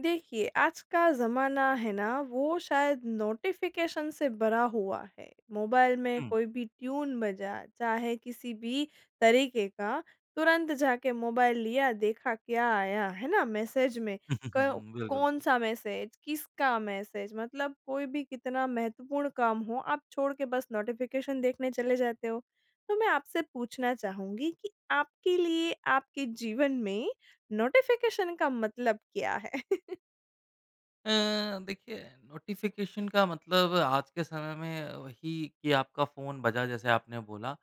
देखिए, आज का ज़माना है ना वो शायद नोटिफ़िकेशन से भरा हुआ है। मोबाइल में हुँ। कोई भी ट्यून बजा चाहे किसी भी तरीके का तुरंत जाके मोबाइल लिया देखा क्या आया है ना? मैसेज में। क बिल्कुल। कौन-सा मैसेज? किसका मैसेज? मतलब कोई भी कितना महत्वपूर्ण काम हो आप छोड़ के बस नोटिफ़िकेशन देखने चले जाते हो। तो मैं आपसे पूछना चाहूँगी कि आपके लिए आपके जीवन में नोटिफ़िकेशन का मतलब क्या है? अ, देखिए नोटिफ़िकेशन का मतलब आज के समय में वही कि आपका फ़ोन बजा जैसे आपने बोला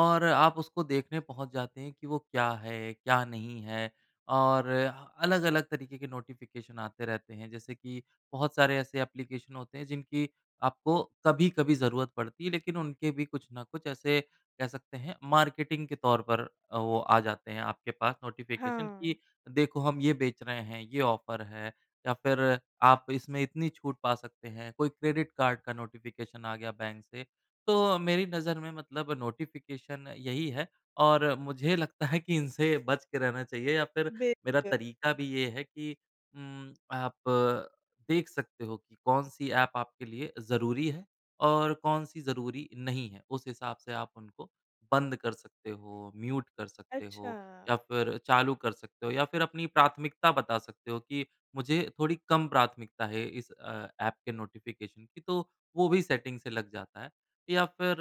और आप उसको देखने पहुँच जाते हैं कि वो क्या है? क्या नहीं है? और अलग-अलग तरीके के नोटिफ़िकेशन आते रहते हैं। जैसे कि बहुत सारे ऐसे एप्लीकेशन होते हैं जिनकी आपको कभी-कभी ज़रूरत पड़ती है। लेकिन उनके भी कुछ न कुछ ऐसे कह सकते हैं मार्केटिंग के तौर पर अ, वो आ जाते हैं। आपके पास नोटिफ़िकेशन हाँ। कि देखो हम ये बेच रहे हैं, ये ऑफर है या फिर आप इसमें इतनी छूट पा सकते हैं। कोई क्रेडिट कार्ड का नोटिफ़िकेशन आ गया बैंक से तो मेरी नज़र में मतलब नोटिफ़िकेशन यही है। और मुझे लगता है कि इनसे बच के रहना चाहिए या फिर मेरा बिल्कुल। तरीका भी ये है कि उम आप देख सकते हो कि कौन-सी ऐप आपके लिए ज़रूरी है और कौन-सी ज़रूरी नहीं है। उस हिसाब से आप उनको बंद कर सकते हो, म्यूट कर सकते हो, या अच्छा। फ़िर चालू कर सकते हो या फ़िर अपनी प्राथमिकता बता सकते हो कि मुझे थोड़ी कम प्राथमिकता है इस अ, ऐप के नोटिफ़िकेशन की तो वो भी सेटिंग से लग जाता है। या फ़िर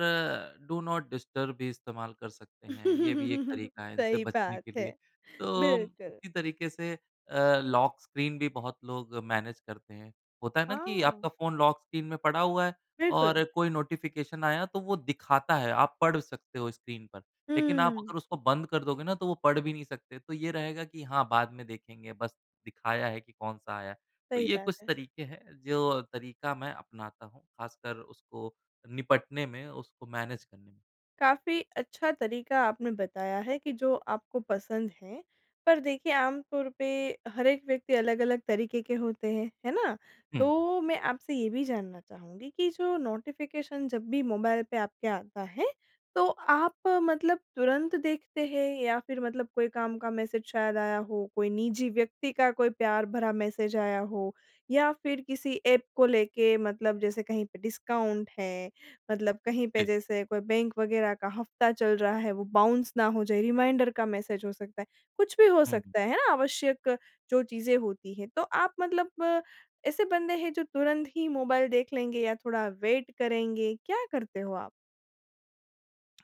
डू नॉट डिस्टर्ब भी इस्तेमाल कर सकते हैं ये भी एक तरीका है इनसे सही बचने बात के लिए। है। तो बिल्कुल। इसी तरीके से अ, लॉक स्क्रीन भी बहुत लोग मैनेज करते हैं। होता है ना? कि हाँ। आपका फ़ोन लॉक स्क्रीन में पड़ा हुआ है बिल्कुल। और कोई नोटिफ़िकेशन आया तो वो दिखाता है आप पढ़ सकते हो स्क्रीन पर। लेकिन आप हुँ। अगर उसको बंद कर दोगे ना तो वो पढ़ भी नहीं सकते। तो ये रहेगा कि हाँ, बाद में देखेंगे बस दिखाया है कि कौन-सा आया है। तो सही ये बात कुछ है। तरीके हैं जो तरीका मैं अपनाता हूँ ख़ासकर उसको निपटने में, उसको मैनेज करने में। काफ़ी अच्छा तरीका आपने बताया है कि जो आपको पसंद है पर देखिए आम तौर पे हर एक व्यक्ति अलग-अलग तरीके के होते हैं। है ना? हुँ। तो मैं आपसे ये भी जानना चाहूँगी कि जो नोटिफ़िकेशन जब भी मोबाइल पे आपके आता है तो आप मतलब तुरंत देखते हैं? या फ़िर मतलब कोई काम का मैसेज शायद आया हो? कोई निजी व्यक्ति का कोई प्यार भरा मैसेज आया हो? या फ़िर किसी ऐप को लेके मतलब जैसे कहीं पे डिस्काउंट है। मतलब कहीं पे जी। जैसे कोई बैंक वग़ेेरह का हफ़्ता चल रहा है वो बाउंस ना हो जाए? रिमाइंडर का मैसेज हो सकता है? कुछ भी हो हुँ। सकता है। है ना? आवश्यक जो चीज़ें होती हैं तो आप मतलब ऐसे बंदे हैं जो तुरंत ही मोबाइल देख लेंगे या थोड़ा वेट करेंगे, क्या करते हो आप?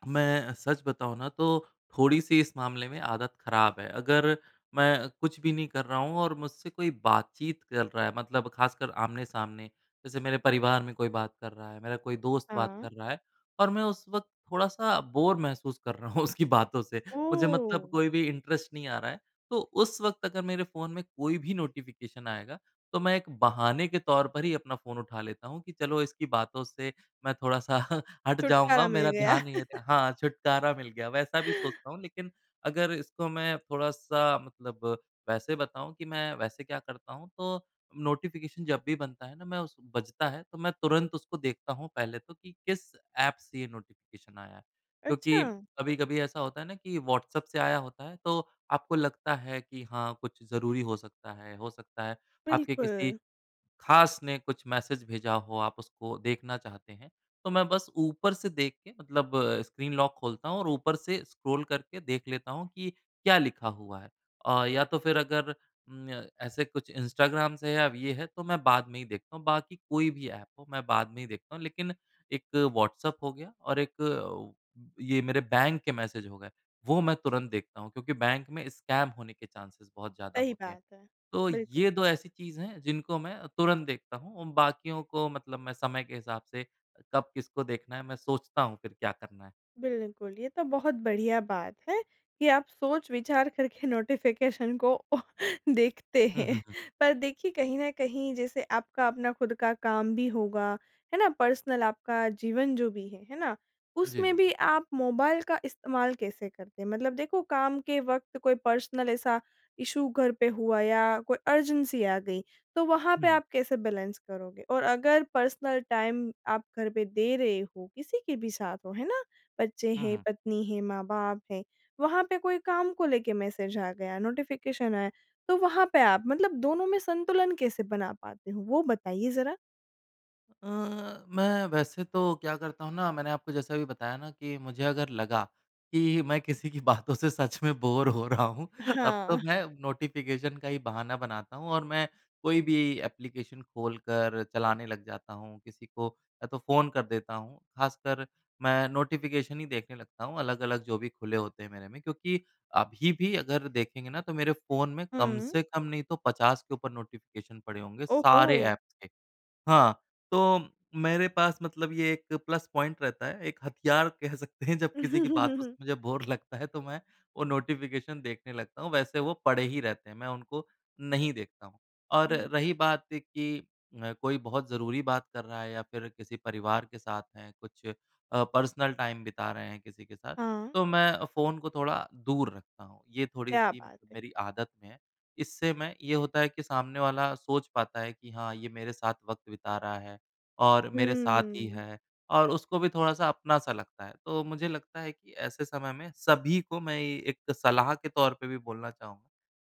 मैं अ, सच बताऊँ ना तो थोड़ी-सी इस मामले में आदत ख़राब है। अगर मैं कुछ भी नहीं कर रहा हूँ और मुझसे कोई बातचीत कर रहा है मतलब खासकर आमने-सामने। जैसे मेरे परिवार में कोई बात कर रहा है मेरा कोई दोस्त बात हाँ। कर रहा है और मैं उस वक्त थोड़ा-सा बोर महसूस कर रहा हूँ उसकी बातों से। मुझे मतलब ओह! कोई भी इंटरेस्ट नहीं आ रहा है। तो उस वक्त अगर मेरे फ़ोन में कोई भी नोटिफिकेशन आएगा तो मैं एक बहाने के तौर पर ही अपना फ़ोन उठा लेता हूँ कि चलो इसकी बातों से मैं थोड़ा सा हट छुटकारा जाऊँगा। मिल मेरा गया। ध्यान नहीं है हाँ, छुटकारा मिल गया वैसा भी सोचता हूँ। लेकिन अगर इसको मैं थोड़ा-सा मतलब वैसे बताऊँ कि मैं वैसे क्या करता हूँ तो नोटिफिकेशन जब भी बनता है ना मैं उस बजता है तो मैं तुरंत उसको देखता हूँ पहले तो कि किस ऐप से ये नोटिफिकेशन आया है। क्योंकि अच्छा। कभी-कभी ऐसा होता है ना कि व्हाट्सऐप से आया होता है तो आपको लगता है कि हाँ कुछ जरूरी हो सकता है। हो सकता है आपके किसी बिल्कुल। खास ने कुछ मैसेज भेजा हो आप उसको देखना चाहते हैं। तो मैं बस ऊपर से देख के मतलब स्क्रीन लॉक खोलता हूँ और ऊपर से स्क्रॉल करके देख लेता हूँ कि क्या लिखा हुआ है अ या तो फ़िर अगर उम्म, य ऐसे कुछ इंस्टाग्राम से अब ये है तो मैं बाद में ही देखता हूँ। बाकी कोई भी ऐप हो मैं बाद में ही देखता हूँ। लेकिन एक व्हाट्सऐप हो गया और एक ये मेरे बैंक के मैसेज हो गए वह मैं तुरंत देखता हूँ। क्योंकि बैंक में स्कैम होने के चाँसेज़ बहुत ज़्यादा सही होते हैं। बात है। तो बिल्कुल। ये 2 ऐसी चीज़ है जिनको मैं तुरंत देखता हूँ और बाकियों को मतलब मैं समय के हिसाब से कब किसको देखना है मैं सोचता हूँ फ़िर क्या करना है। बिल्कुल ये तो बहुत बढ़िया बात है कि आप सोच-विचार करके नोटिफिकेशन को ओ देखते हुँ, हुँ, हैं। हुँ। पर देखिए कहीं न कहीं जैसे आपका अपना ख़ुद का काम भी होगा है ना? पर्सनल आपका जीवन जो भी है। है ना? उसमें जी, भी [unintelligible] आप मोबाइल का इस्तेमाल कैसे करते है? मतलब देखो काम के वक़्त कोई पर्सनल ऐसा इशू घर पे हुआ या कोई अर्जेंसी आ गई तो वहाँ हुँ, पे हुँ। आप कैसे बैलेंस करोगे? और अगर पर्सनल टाइम आप घर पे दे रहे हो किसी के भी साथ हो, है ना? बच्चे हुँ, हैं हुँ। पत्नी है माँ-बाप हैं। वहाँ पे कोई काम को लेके मैसेज आ गया नोटिफिकेशन आया। तो वहाँ पे आप मतलब दोनों में संतुलन कैसे बना पाते हो वो बताइए ज़रा? अ, मैं वैसे तो क्या करता हूँ ना, मैंने आपको जैसे अभी बताया ना कि मुझे अगर लगा कि मैं किसी की बातों से सच में बोर हो रहा हूँ, तब तो हाँ। मैं नोटिफिकेशन का ही बहाना बनाता हूँ, और मैं कोई भी एप्लीकेशन खोलकर चलाने लग जाता हूँ, किसी को या तो फ़ोन कर देता हूँ। ख़ासकर मैं नोटिफिकेशन ही देखने लगता हूँ, अलग-अलग जो भी खुले होते हैं मेरे में, क्योंकि अभी भी अगर देखेंगे ना तो मेरे फ़ोन में कम हुँ। से कम नहीं तो 50 के ऊपर नोटिफिकेशन पड़े होंगे, ओ, सारे ओ! ऐप्स के हाँ, तो मेरे पास मतलब ये एक प्लस पॉइंट रहता है, एक हथियार कह सकते हैं, जब किसी की बातों से मुझे बोर लगता है तो मैं वो नोटिफिकेशन देखने लगता हूँ। वैसे वो पड़े ही रहते हैं, मैं उनको नहीं देखता हूँ। और ऊँ। रही बात कि अ, कोई बहुत ज़रूरी बात कर रहा है या फिर किसी परिवार के साथ हैं, कुछ अ, पर्सनल टाइम बिता रहे हैं किसी के साथ, हाँ। तो मैं अ, फ़ोन को थोड़ा दूर रखता हूँ। ये क्या थोड़ी-सी मत बात है! मेरी आदत में है, इससे मैं ये होता है कि सामने वाला सोच पाता है कि, "हाँ, ये मेरे साथ वक़्त बिता रहा है, और मेरे साथ ही हम्म। है।" और उसको भी थोड़ा-सा अपना-सा लगता है। तो मुझे लगता है कि ऐसे समय में सभी को, मैं एक सलाह के तौर पे भी बोलना चाहूँ,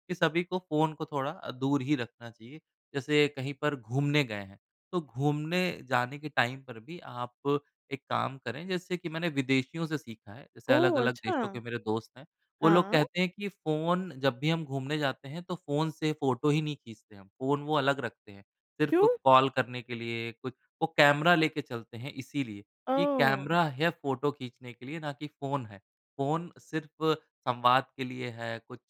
कि सभी को फ़ोन को थोड़ा अ, दूर ही रखना चाहिए। जैसे कहीं पर घूमने गए हैं, तो घूमने जाने के टाइम पर भी आप एक काम करें। जैसे कि मैंने विदेशियों से सीखा है, जैसे ओह, अलग-अलग देशों अच्छा! के मेरे दोस्त हैं, वो लोग हाँ। कहते हैं कि, "फ़ोन जब भी हम घूमने जाते हैं, तो फ़ोन से फोटो ही नहीं खींचते हम।" फ़ोन वो अलग रखते हैं, सिर्फ़ क्यों? कॉल करने के लिए कुछ वो कैमरा लेके चलते हैं इसीलिए, कि ओह! कैमरा है फोटो खींचने के लिए, ना कि फ़ोन है। फ़ोन सिर्फ़ संवाद के लिए है, कुछ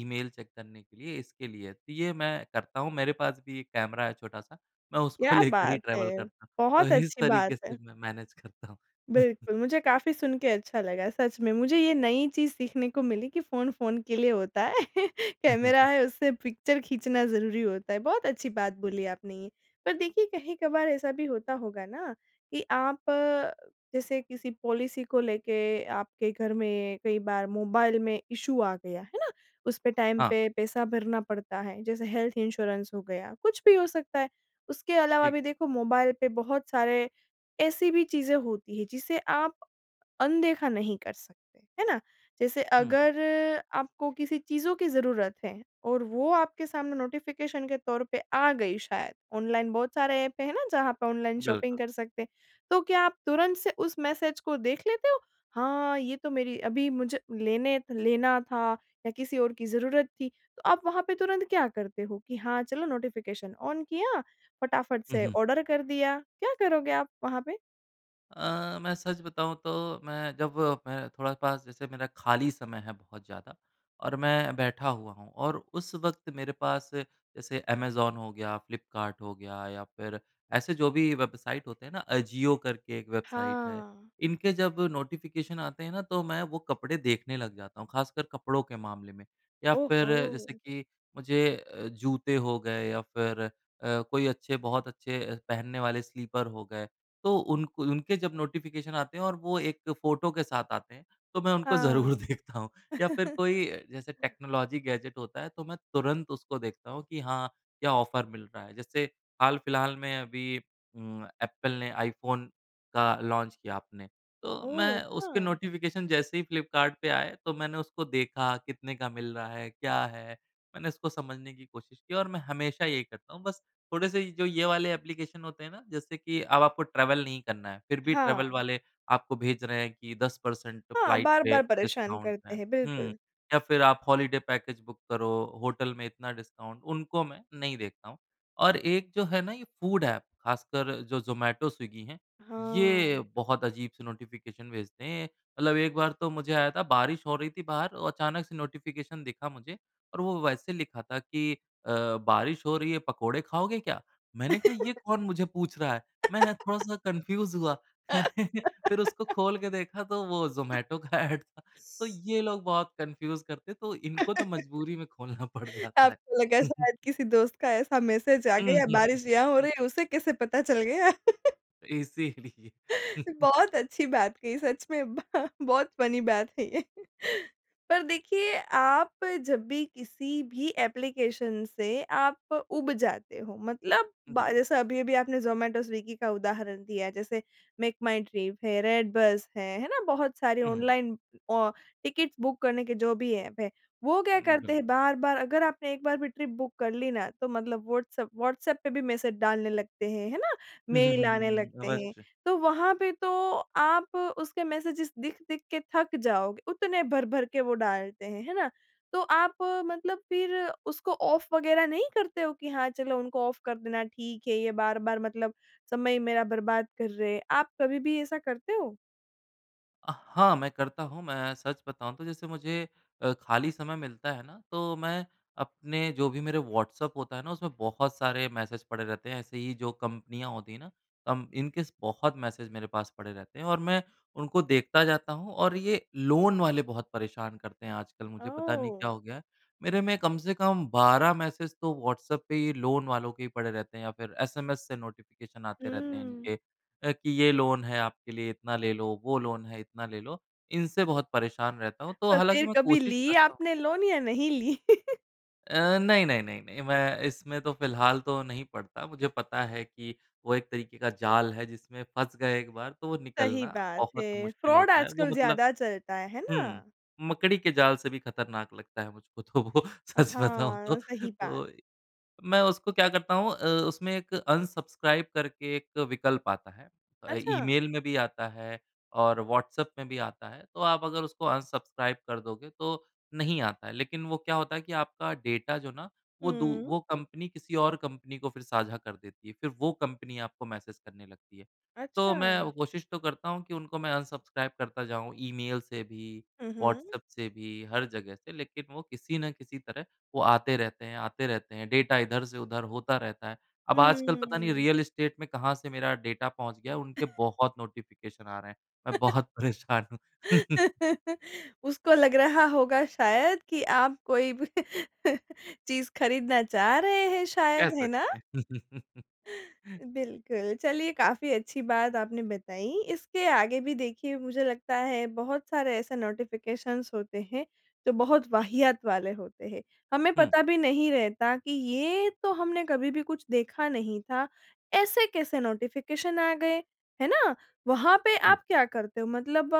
ईमेल चेक करने के लिए, इसके लिए है। तो ये मैं करता हूँ, मेरे पास भी एक कैमरा है छोटा-सा। मैं उसको क्या लेकर ही बात है! ट्रैवल करता। तो बहुत इस अच्छी बात तरीके है। से मैं मैनेज करता हूँ। बिल्कुल, मुझे काफ़ी सुन के अच्छा लगा। सच में, मुझे ये नई चीज़ सीखने को मिली कि फ़ोन, फ़ोन के लिए होता है। कैमरा है उससे पिक्चर खींचना ज़रूरी होता है, बहुत अच्छी बात बोली आपने ये। पर देखिए कहीं-कभार ऐसा भी होता होगा ना कि आप जैसे किसी पॉलिसी को लेके आपके घर में, कोई बार मोबाइल में इश्यू आ गया, है ना। उस पे टाइम हाँ। पे पैसा भरना पड़ता है, जैसे हेल्थ इंश्योरेंस हो गया, कुछ भी हो सकता है। उसके अलावा ठीक। भी देखो, मोबाइल पे बहुत सारे ऐसी भी चीज़ें होती हैं जिसे आप, अनदेखा नहीं कर सकते, है ना? जैसे हुँ, हुँ। अगर आपको किसी चीज़ों की ज़रूरत है, और वो आपके सामने नोटिफिकेशन के तौर पे आ गई शायद, ऑनलाइन बहुत सारे ऐप हैं ना जहाँ पे ऑनलाइन शॉपिंग बिल्कुल। कर सकते। तो क्या आप तुरंत से उस मैसेज को देख लेते हो? हाँ, ये तो मेरी अभी मुझे लेने लेना था या किसी और की ज़रूरत थी, तो आप वहाँ पे तुरंत क्या करते हो, कि हाँ, चलो नोटिफिकेशन ऑन किया, फटाफट हुँ, से हुँ। ऑर्डर कर दिया, क्या करोगे आप, वहाँ पे? अ, मैं सच बताऊँ तो मैं जब मैं थोड़ा पास जैसे मेरा खाली समय है बहुत ज़्यादा और मैं बैठा हुआ हूँ और उस वक़्त मेरे पास जैसे अमेज़न हो गया फ्लिपकार्ट हो गया या फ़िर ऐसे जो भी वेबसाइट होते हैं ना अजियो करके एक वेबसाइट है हाँ। इनके जब नोटिफ़िकेशन आते हैं ना तो मैं वो कपड़े देखने लग जाता हूँ ख़ासकर कपड़ों के मामले में। या ओह फ़िर जैसे हो। कि मुझे अ, जूते हो गए या फ़िर अ, कोई अच्छे बहुत अच्छे पहनने वाले स्लिपर हो गए। तो उन क उनके जब नोटिफ़िकेशन आते हैं और वो 1 फ़ोटो के साथ आते हैं तो मैं उनको ज़रूर हाँ। देखता हूँ। या फ़िर कोई जैसे टेक्नोलॉज़ी गैजेट होता है तो मैं तुरंत उसको देखता हूँ कि हाँ, क्या ऑफ़र मिल रहा है। जैसे हाल-फ़िलहाल में अभी उम एप्पल ने आईफ़ोन का लॉन्च किया आपने। तो ओह! मैं उसके अच्छा। नोटिफ़िकेशन जैसे ही फ्लिपकार्ट पे आए तो मैंने उसको देखा कितने का मिल रहा है, क्या है? मैंने उसको समझने की कोशिश की और मैं हमेशा यही करता हूँ बस थोड़े-से ये जो ये वाले ऐप्लीकेशन होते हैं ना जैसे कि अब आपको ट्रैवल नहीं करना है। फ़िर भी ट्रैवल हाँ। वाले आपको भेज रहे हैं कि 10% हाँ। फ्लाइट पे बार-बार परेशान डिस्काउंट करते है। हैं, हुँ बिल्कुल। या फ़िर आप हॉलिडे पैकेज बुक करो, होटल में इतना डिस्काउंट उनको मैं नहीं देखता हूँ। और एक जो है ना ये फूड ऐप ख़ासकर जो ज़ोमैटो, स्विगी है ये हाँ। बहुत अजीब से नोटिफ़िकेशन भेजते हैं मतलब एक बार तो मुझे आया था बारिश हो रही थी बाहर और अचानक से नोटिफ़िकेशन दिखा मुझे और वो वैसे लिखा था कि अ, बारिश हो रही है पकोड़े खाओगे क्या? मैंने कहा ये कौन मुझे पूछ रहा है मैं थोड़ा-सा कन्फ़्यूज़ हुआ। फ़िर उसको खोल के देखा तो वो ज़ोमैटो का ऐड था। तो ये लोग बहुत कन्फ़्यूज़ करते हैं तो इनको तो मजबूरी में खोलना पड़ जाता आपको लगा है। शायद किसी दोस्त का ऐसा मैसेज आ गया बारिश यहाँ हो रही है उसे कैसे पता चल गया? इसीलिए। बहुत अच्छी बात कही सच में ब बहुत फ़नी बात है ये। पर देखिए आप जब भी किसी भी ऐप्लीकेशन से आप उब जाते हो। मतलब हाँ, ब हुँ। जैसे अभी-अभी आपने ज़ोमैटो, स्विगी का उदाहरण दिया जैसे मेक माई ट्रिप है, रेड बस है, है ना? बहुत सारी हुँ, हुँ। ऑनलाइन औ टिकट बुक करने के जो भी ऐप है। वो क्या हुँ, करते बिल हैं बार-बार अगर आपने एक बार भी ट्रिप बुक कर ली ना तो मतलब व्हाट्सऐप व्हाट्सऐप पे भी मैसेज डालने लगते हैं, है ना? हुँ, हुँ, मेल हुँ, आने हुँ, हुँ, हुँ। लगते हैं। अवश्य। तो वहाँ पे तो आप उसके मैसेजेस दिख-दिख के थक जाओगे। उतने भर-भर के वो डालते हैं, है ना? तो आप मतलब फ़िर उसको ऑफ़ वग़ैरह नहीं करते हो कि हाँ, चलो उनको ऑफ़ कर देना ठीक है ये बार-बार मतलब समय मेरा बर्बाद कर रहे हैं, आप कभी भी ऐसा करते हो? अ, हाँ, मैं करता हूँ मैं सच बताऊँ तो जैसे मुझे अ, खाली समय मिलता है ना तो मैं अपने जो भी मेरे व्हाट्सऐप होता है ना उसमें बहुत सारे मैसेज पड़े रहते हैं। ऐसे ही जो कंपनियाँ होती है ना? कम्प इनके स बहुत मैसेज मेरे पास पड़े रहते हैं और मैं उनको देखता जाता हूँ। और ये लोन वाले बहुत परेशान करते हैं आजकल मुझे। पता नहीं क्या हो ओह! गया है? मेरे में कम से कम 12 मैसेज तो व्हाट्सऐप पे ही लोन वालों के ही पड़े रहते हैं या फ़िर एसएमएस से नोटिफ़िकेशन आते रहते हैं हुँ। इनके अ, कि ये लोन है आपके लिए इतना ले लो, वो लोन है इतना ले लो। इनसे बहुत परेशान रहता हूँ। तो तो हालाँकि फ़िर मैं कभी कोशिश ली करता हूँ। आपने लोन या नहीं ली? अ, नहीं, नहीं, नहीं, नहीं, मैं इसमें तो फ़िलहाल तो नहीं पड़ता। मुझे पता है कि वो एक तरीके का जाल है, जिसमें फँस गए एक बार, तो वो सही निकलना बात बहुत है। मुश्किल फ्रॉड होता है। वो आजकल मतलब ज़्यादा चलता है। है ना? हुँ, मकड़ी के जाल से भी खतरनाक लगता है मुझको तो वो, सच बताऊँ तो। हाँ सही बात। तो इ मैं उसको क्या करता हूँ अ, उसमें एक अनसब्सक्राइब करके एक विकल्प आता है अ, अच्छा! ईमेल में भी आता है और व्हॉट्सऐप में भी आता है, तो आप अगर उसको अनसब्सक्राइब कर दोगे, तो नहीं आता है। लेकिन वो क्या होता है कि आपका डेटा जो ना, वो दू हुँ। वो कंपनी किसी और कंपनी को फिर साझा कर देती है, फिर वो कंपनी आपको मैसेज करने लगती है। तो मैं अच्छा। वो कोशिश तो करता हूँ कि उनको मैं अनसब्सक्राइब करता जाऊँ, ईमेल से भी, हुँ, हुँ। व्हॉट्सऐप से भी, हर जगह से, लेकिन वो किसी ना किसी तरह, वो आते रहते हैं, आते रहते हैं, डेटा इधर से उधर होता रहता है। अब आजकल पता नहीं, हुँ। रियल एस्टेट में कहाँ से मेरा डेटा पहुँच गया है, उनके बहुत नोटिफिकेशन आ रहे हैं। मैं बहुत परेशान हूँ। उसको लग रहा होगा शायद कि आप कोई भी चीज़ खरीदना चाह रहे हैं कह शायद, है ना? सकते हैं। बिल्कुल। चलिए, काफ़ी अच्छी बात आपने बताई। इसके आगे भी, देखिए, मुझे लगता है, बहुत सारे ऐसे नोटिफिकेशन्स होते हैं, जो बहुत वाहियात वाले होते हैं। हमें हुँ। पता भी नहीं रहता कि ये तो हमने कभी भी कुछ देखा नहीं था। ऐसे कैसे नोटिफिकेशन आ गए। है ना? वहाँ पे जी। आप क्या करते हो मतलब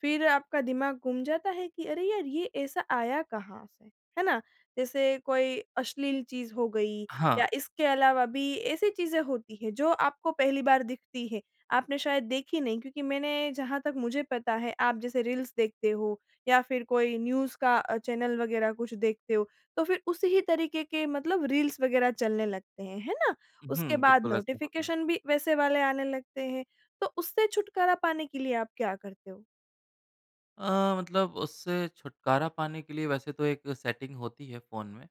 फिर आपका दिमाग गुम जाता है कि, "अरे! यार, ये ऐसा आया कहाँ से?" है ना? जैसे कोई अश्लील चीज़ हो गई या हाँ। इसके अलावा भी ऐसी चीज़ें होती हैं, जो आपको पहली बार दिखती है, आपने शायद देखी नहीं क्योंकि मैंने जहाँ तक मुझे पता है, आप जैसे रील्स देखते हो या फिर कोई न्यूज़ का अ, चैनल वगैरह कुछ देखते हो, तो फिर उसी ही तरीके के मतलब रील्स वगैरह चलने लगते हैं। है ना? उसके हुँ, बाद बिल्कुल ऐसा होता है। नोटिफिकेशन भी वैसे वाले आने लगते हैं, तो उससे छुटकारा पाने के लिए आप क्या करते हो? अ, मतलब उससे छुटकारा पाने के लिए वैसे तो एक सेटिंग होती है फोन में,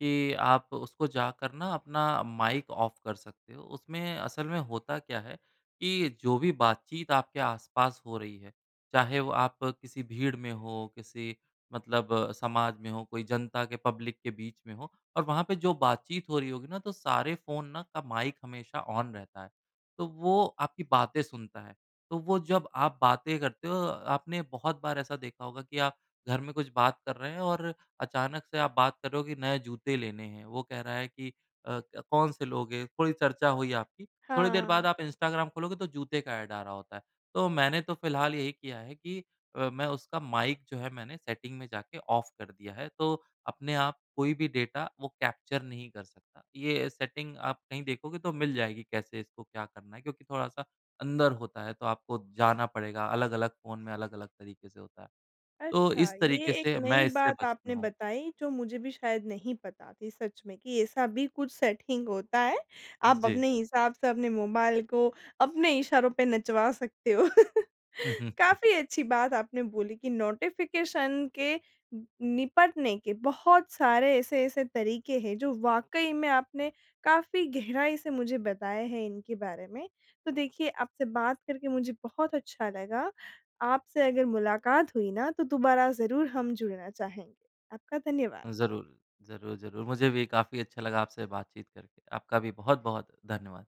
कि आप उसको जाकर ना अपना माइक ऑफ कर सकते हो। उसमें असल में होता क्या है कि जो भी बातचीत आपके आस-पास हो रही है, चाहे वो आप किसी भीड़ में हो, किसी मतलब समाज में हो, कोई जनता के पब्लिक के बीच में हों और वहाँ पे जो बातचीत हो रही होगी ना, तो सारे फोन ना का माइक हमेशा ऑन रहता है। तो वो आपकी बातें सुनता है। तो वो जब, आप बातें करते हो आपने बहुत बार ऐसा देखा होगा कि आप घर में कुछ बात कर रहे हैं और अचानक से आप बात कर रहे हो कि नए जूते लेने हैं। वो कह रहा है कि अ, क्या कौन से लोगे? कोई चर्चा हुई आपकी, थोड़ी देर हाँ। बाद आप इंस्टाग्राम खोलोगे, तो जूते का एड आ रहा होता है। तो मैंने तो फिलहाल यही किया है कि अ, मैं उसका माइक जो है मैंने सेटिंग में जाके ऑफ़ कर दिया है। तो अपने आप कोई भी डेटा वो कैप्चर नहीं कर सकता। ये सेटिंग आप कहीं देखोगे तो मिल जाएगी कैसे इसको क्या करना है, क्योंकि थोड़ा सा अंदर होता है, तो आपको जाना पड़ेगा। अलग-अलग फोन में अलग-अलग तरीके से होता है। तो अच्छा, इस ये तरीके एक से मैं नई इससे बात बचता आपने हूँ। बताई जो मुझे भी शायद नहीं पता थी, सच में कि ऐसा भी कुछ सेटिंग होता है। आप जी। अपने हिसाब से अपने मोबाइल को अपने इशारों पे नचवा सकते हो। काफ़ी अच्छी बात आपने बोली कि नोटिफिकेशन के निपटने के बहुत सारे ऐसे-ऐसे तरीके हैं, जो वाकई में आपने काफ़ी गहराई से मुझे बताए हैं इनके बारे में। तो देखिए आपसे बात करके मुझे बहुत अच्छा लगा, आपसे अगर मुलाकात हुई ना तो दोबारा ज़रूर हम जुड़ना चाहेंगे। आपका धन्यवाद। ज़रूर। ज़रूर, ज़रूर मुझे भी काफ़ी अच्छा लगा आपसे बातचीत करके। आपका भी बहुत-बहुत धन्यवाद।